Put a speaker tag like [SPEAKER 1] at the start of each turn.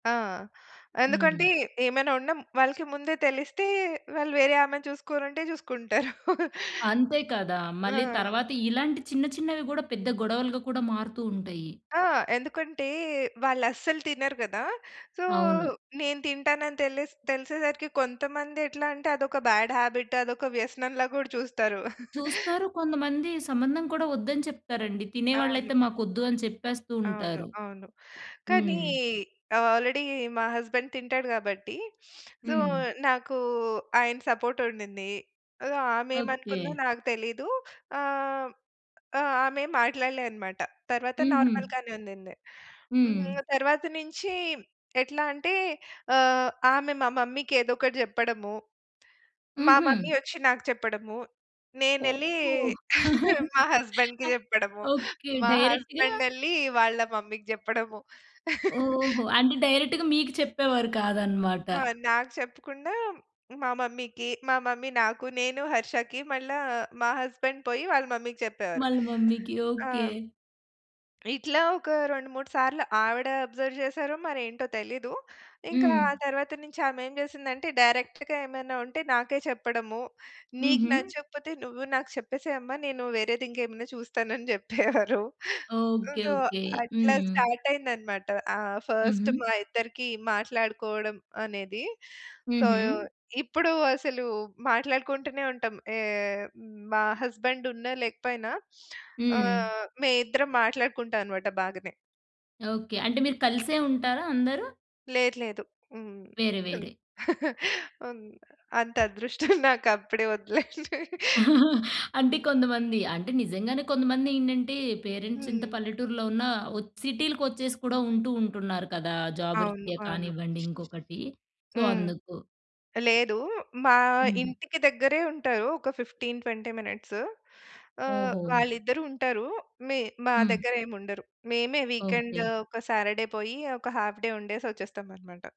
[SPEAKER 1] ఆ! ఎందుకంటే,
[SPEAKER 2] హ్మ్.
[SPEAKER 1] ఏమైనా ఉన్నా వాళ్ళకి ముందే తెలిస్తే, వాళ్ళు వేరే ఆమెని చూసుకోవాళంటే చూసుకుంటారు.
[SPEAKER 2] అంతే కదా! మళ్ళీ
[SPEAKER 1] ఆ!
[SPEAKER 2] తర్వాత, ఇలాంటి చిన్న చిన్నవి గూడా, పెద్ద గొడవలుగా కూడా మారుతూ ఉంటయ్యి.
[SPEAKER 1] ఆ! ఎందుకంటే, వాళ్ళస్సలు తినరు గదా! సో,
[SPEAKER 2] అవును.
[SPEAKER 1] నేను తింటానని తెలిస్ తెలిసేసరికి కొంతమందెట్లా అంటే, అదొక బ్యాడ్ హాబిట్, అదొక వ్యసనంలా గూడా చూస్తారు.
[SPEAKER 2] చూస్తారు కొంతమంది, సంబంధం కూడా వద్దని చెప్తారండి.
[SPEAKER 1] అవును.
[SPEAKER 2] తినేవాళ్ళయితే మాకొద్దు, అని చెప్పేస్తూ
[SPEAKER 1] అవును.
[SPEAKER 2] ఉంటారు.
[SPEAKER 1] అవును. కానీ
[SPEAKER 2] హ్మ్.
[SPEAKER 1] ఆల్రెడీ మా హస్బెండ్ తింటాడు గాబట్టి, సో,
[SPEAKER 2] హ్మ్.
[SPEAKER 1] నాకూ ఆయన సపోర్టుండిందీ. అదో
[SPEAKER 2] ఓకే.
[SPEAKER 1] ఆమేమనుకుందో నాకు తెలీదు. ఆ! హ్మ్, ఆ! ఆమేం మాట్లాడలే అనమాట. తరవాత
[SPEAKER 2] హుహు.
[SPEAKER 1] నార్మల్‌గానే ఉండింది.
[SPEAKER 2] హ్మ్.
[SPEAKER 1] హ్మ్, తరవాత నుంచి ఎట్లా అంటే, ఆహ్, ఆమె మా మమ్మీకేదోకటి జెప్పడము. మా
[SPEAKER 2] హుహు.
[SPEAKER 1] మమ్మీ ఒచ్చి నాకు చెప్పడము, నేనెళ్ళీ
[SPEAKER 2] ఓహో!
[SPEAKER 1] మా హస్బెండ్‌కి జెప్పడము,
[SPEAKER 2] ఓకే.
[SPEAKER 1] మా
[SPEAKER 2] డైరెక్ట్‌గా
[SPEAKER 1] హస్బెండెళ్లి వాళ్ళ మమ్మీ‌కి జెప్పడము.
[SPEAKER 2] ఓహో! అంటే డైరెక్ట్‌గా మీకు చెప్పేవారు కాదనమాట.
[SPEAKER 1] ఆ! నాకు చెప్పకుండా మా మమ్మీకి, మా మమ్మీ నాకు, నేను హర్షకి, మళ్ళా మా హస్బెండ్‌ పోయి వాళ్ళ మమ్మీకి చెప్పేవారు.
[SPEAKER 2] మళ్ళి మమ్మీకి
[SPEAKER 1] ఆ!
[SPEAKER 2] ఓకే.
[SPEAKER 1] హ్మ్. ఇట్లా ఒక 2, 3 సార్లు, ఆవిడా అబ్జర్వ్ జేసారో, మరేంటో తెలీదు, ఇంకా
[SPEAKER 2] హ్మ్.
[SPEAKER 1] ఆ తరవాత నుంచామేం జేసిందంటే, డైరెక్ట్‌గా ఏమైనా ఉంటే, నాకే చెప్పడము, నీకు
[SPEAKER 2] హుహు.
[SPEAKER 1] నచ్చకపోతే నువ్వు నాకు చెప్పేసేయమ్మ, నేనూ వేరేదింకేమన్నా చూస్తానని జెప్పేవారు. హ్మ్,
[SPEAKER 2] ఓకే.
[SPEAKER 1] So,
[SPEAKER 2] okay.
[SPEAKER 1] అట్లా
[SPEAKER 2] హ్మ్.
[SPEAKER 1] స్టార్టయిందనమాట. ఆహ్, ఫస్టు
[SPEAKER 2] హుహు.
[SPEAKER 1] మా ఇద్దరికీ మాట్లాడుకోవడం అనేది. సో,
[SPEAKER 2] హుహు.
[SPEAKER 1] ఇప్పుడు అసలు మాట్లాడుకుంటూనే ఉంటాం. ఏహ్, హ్మ్, మా హస్బెండున్నా, లేకపోయినా ఆ!
[SPEAKER 2] హ్మ్.
[SPEAKER 1] మే ఇద్దరం మాట్లాడుకుంటానమాట బాగనే.
[SPEAKER 2] ఓకే, అంటే మీరు కలిసే ఉంటారా అందరూ?
[SPEAKER 1] లేదు లేదు. హ్మ్.
[SPEAKER 2] వేరే వేరే.
[SPEAKER 1] ఉన్ ఆహ్, అంతదృష్టం నాకప్పుడే వద్దులేండి.
[SPEAKER 2] అంటే కొంతమంది, అంటే నిజంగానే కొంతమందేంటంటే పేరెంట్సింత
[SPEAKER 1] హ్మ్.
[SPEAKER 2] పల్లెటూరులో ఉన్నా, వో సిటీలకొచ్చేసి కూడా ఉంటూ, ఉంటున్నారు కదా! జాబు
[SPEAKER 1] అవును.
[SPEAKER 2] రిత్య
[SPEAKER 1] అవును.
[SPEAKER 2] కానివ్వండి, ఇంకొకటి. సో,
[SPEAKER 1] హ్మ్.
[SPEAKER 2] అందుకు.
[SPEAKER 1] లేదూ, మా
[SPEAKER 2] హ్మ్.
[SPEAKER 1] ఇంటికి దెగ్గరే ఉంటారు. ఒక 15, 20 మినిట్స్. ఆహ్,
[SPEAKER 2] ఓహో!
[SPEAKER 1] వాళ్ళిద్దరూ ఉంటారు. మీ మా
[SPEAKER 2] హ్మ్.
[SPEAKER 1] దెగ్గరేముండరు. మేమే
[SPEAKER 2] ఓకే.
[SPEAKER 1] వీకెండు ఒక సారడే పోయి ఒక హాఫ్ డే ఉండేసొచ్చేస్తామనమాట.